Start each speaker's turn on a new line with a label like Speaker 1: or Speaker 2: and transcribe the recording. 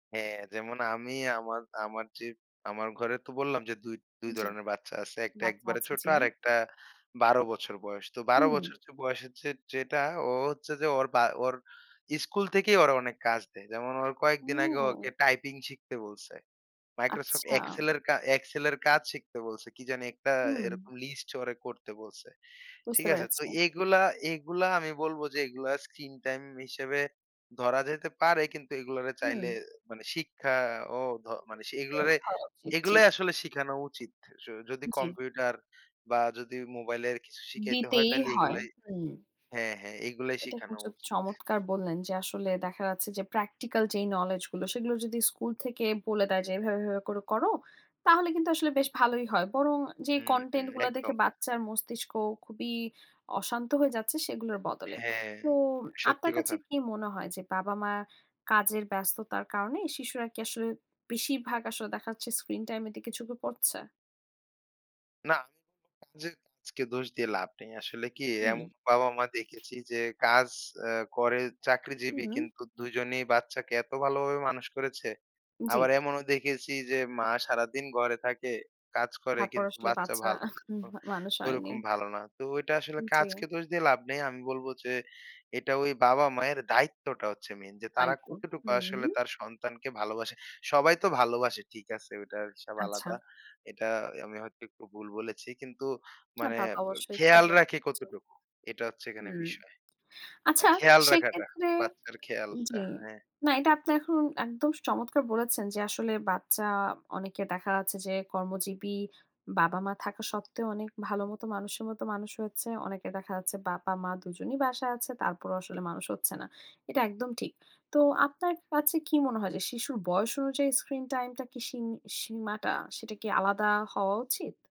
Speaker 1: হ্যাঁ, যেমন আমি আমার আমার যে, আমার ঘরে তো বললাম যে ২, ২
Speaker 2: জি।
Speaker 1: ধরনের বাচ্চা আছে। একটা
Speaker 2: বাচ্চা
Speaker 1: একেবারে
Speaker 2: আছে।
Speaker 1: ছোট,
Speaker 2: জি।
Speaker 1: আরেকটা ১২ বছর বয়স। তো ১২
Speaker 2: হুম।
Speaker 1: বছর য বয়স হচ্ছে যেটা, ও হচ্ছে যে ওর বা ওর ইস্কুল থেকেই ওর অনেক কাজ দেয়। যেমন ওর কয়েকদিন আগে, ওকে
Speaker 2: ও!
Speaker 1: টাইপিং শিখতে বলসে। Microsoft
Speaker 2: আচ্ছা।
Speaker 1: Excel এর কা Excel এর কাজ শিখতে বলসে। কি জানি? একটা
Speaker 2: হুম।
Speaker 1: এরকম লিস্ট ও করতে বলসে। ঠিক
Speaker 2: বুঝতে
Speaker 1: আসে?
Speaker 2: পেরেছি।
Speaker 1: তো এগুলা, এগুলা আমি বলব যে, এগুলা স্ক্রিন টাইম হিসেবে ধরা যেতে পারে। কিন্তু এগলারে চাইলে
Speaker 2: হুম।
Speaker 1: মানে শিক্ষা ও ধ মানে
Speaker 2: এও
Speaker 1: এগুলোরে,
Speaker 2: ধরা উচিৎ। জি।
Speaker 1: এগুলোই আসলে শিখানো উচিত। আস যদি
Speaker 2: জি।
Speaker 1: কম্পিউটার বা যদি মোবাইলের কিছু শিখাইতে হয়,
Speaker 2: দিতেই
Speaker 1: তাহলে
Speaker 2: হয়।
Speaker 1: এগুলো
Speaker 2: হুম।
Speaker 1: হ্যাঁ হ্যাঁ, এগুলো
Speaker 2: এটা
Speaker 1: শিখানো
Speaker 2: কিন্তু
Speaker 1: উচিত।
Speaker 2: চমৎকার বললেন যে, আসলে দেখা যাচ্ছে যে প্র্যাকটিক্যাল যে নোলেজ গুলো, সেগুলো যদি স্কুল থেকে বলে দেয় যে, "এভাবে, এভাবে করে করো।" তাহলে কিন্তু আসলে বেশ ভালোই হয়। বরং যে
Speaker 1: হুম, হুম,
Speaker 2: কনটেন্ট গুলা দেখে
Speaker 1: একদম।
Speaker 2: বাচ্চার মস্তিষ্ক খুবই অশান্ত হয়ে যাচ্ছে, সেগুলোর বদলে।
Speaker 1: হ্যাঁ।
Speaker 2: তো
Speaker 1: সত্যি
Speaker 2: আপনার কাছে
Speaker 1: কথা।
Speaker 2: কি মনে হয় যে, বাবা-মা কাজের ব্যস্ততার কারণে, শিশুরা কি আসলে বেশিরভাগ, আসলে দেখাচ্ছে স্ক্রিন টাইম এর দিকে ঝুঁকে পড়ছে?
Speaker 1: না। [unintelligible] যদি আজকে দোষ দিয়ে লাভ নেই। আসলে কি? এমন
Speaker 2: হুম।
Speaker 1: বাবা-মা দেখেছি যে কাজ আ করে, চাকরিজীবী।
Speaker 2: হুম।
Speaker 1: কিন্তু ২ জনেই বাচ্চাকে এত ভালোভাবে মানুষ করেছে। আবার
Speaker 2: জি।
Speaker 1: এমনও দেখেছি যে, মা সারাদিন ঘরে থাকে, কাজ করে
Speaker 2: তারপর
Speaker 1: কিন্তু,
Speaker 2: আসলে
Speaker 1: বাচ্চা
Speaker 2: বাচ্চা
Speaker 1: ভালো
Speaker 2: আহ হুম,
Speaker 1: অ
Speaker 2: মানুষ হয়নি।
Speaker 1: ওরকম ভালো না। তো ওইটা আসলে
Speaker 2: উম
Speaker 1: কাজকে
Speaker 2: জি।
Speaker 1: দোষ দিয়ে লাভ নেই। আমি বলব যে, এটা ওই বাবা-মায়ের দায়িত্বটা হচ্ছে মেইন যে, তারা
Speaker 2: তাইতো।
Speaker 1: কতটুকু
Speaker 2: হুম,
Speaker 1: আসলে
Speaker 2: হুম।
Speaker 1: তার সন্তানকে ভালোবাসে। সবাই তো ভালোবাসে, ঠিক আছে, ওটার হিসাব আলাদা,
Speaker 2: আচ্ছা।
Speaker 1: এটা আমি হয়তো একটু ভুল বলেছি। কিন্তু
Speaker 2: না
Speaker 1: মানে
Speaker 2: তা তো
Speaker 1: এব
Speaker 2: অবশ্যই। ঠিক
Speaker 1: খেয়াল রাখে
Speaker 2: বলেছেন।
Speaker 1: কতটুকু, এটা হচ্ছে এখানে
Speaker 2: হুম,
Speaker 1: বিষয়।
Speaker 2: আচ্ছা।
Speaker 1: খেয়াল রাখাটা,
Speaker 2: সেক্ষেত্রে
Speaker 1: বাচ্চার খেয়ালটা
Speaker 2: জি।
Speaker 1: হ্যাঁ।
Speaker 2: না, এটা আপনি এখন একদম চমৎকার বলেছেন যে আসলে বাচ্চা, অনেকে দেখা যাচ্ছে যে কর্মজীবী, বাবা-মা থাকা সত্ত্বেও অনেক ভালো মত মানুষের মত মানুষ হচ্ছে। অনেকে দেখা যাচ্ছে বাবা-মা দু জনই বাসায় আছে। তারপরেও আসলে মানুষ হচ্ছে না, এটা একদম ঠিক। তো আপনার কাছে কি মনে হয় যে, শিশুর বয়স অনুযায়ী স্ক্রিন টাইম টা কি সিন সিমাটা, সেটা কি আলাদা হওয়া উচিত?